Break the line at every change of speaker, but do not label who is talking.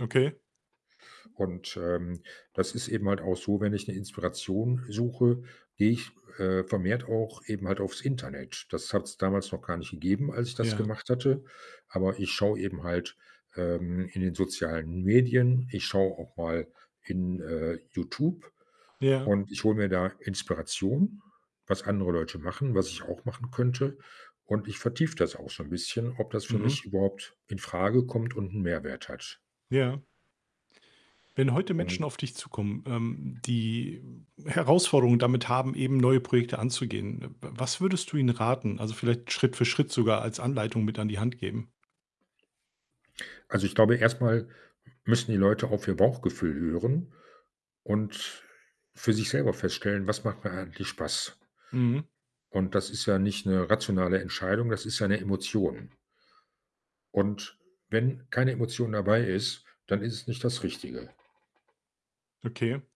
Okay.
Und, ähm, das ist eben halt auch so, wenn ich 'ne Inspiration suche, gehe ich, äh, vermehrt auch eben halt aufs Internet. Das hat's damals noch gar nicht gegeben, als ich das
Ja.
gemacht hatte. Aber ich schau eben halt, ähm, in den sozialen Medien. Ich schau auch mal in, äh, YouTube
Ja.
und ich hole mir da Inspiration, was andere Leute machen, was ich auch machen könnte. Und ich vertiefe das auch schon bisschen, ob das für
Mhm.
mich überhaupt infrage kommt und 'n Mehrwert hat.
Ja. Wenn heute
Ähm.
Menschen auf dich zukommen, ähm, die Herausforderungen damit haben, eben neue Projekte anzugehen, w w was würdest du ihnen raten, also, vielleicht Schritt für Schritt sogar als Anleitung mit an die Hand geben?
Also, ich glaube, erst mal müssen die Leute auf ihr Bauchgefühl hören und für sich selber feststellen: „Was macht mir eigentlich Spaß?“
Mhm.
Und das ist ja nicht 'ne rationale Entscheidung, das ist ja 'ne Emotion. Und wenn keine Emotion dabei ist, dann ist es nicht das Richtige.
Okay.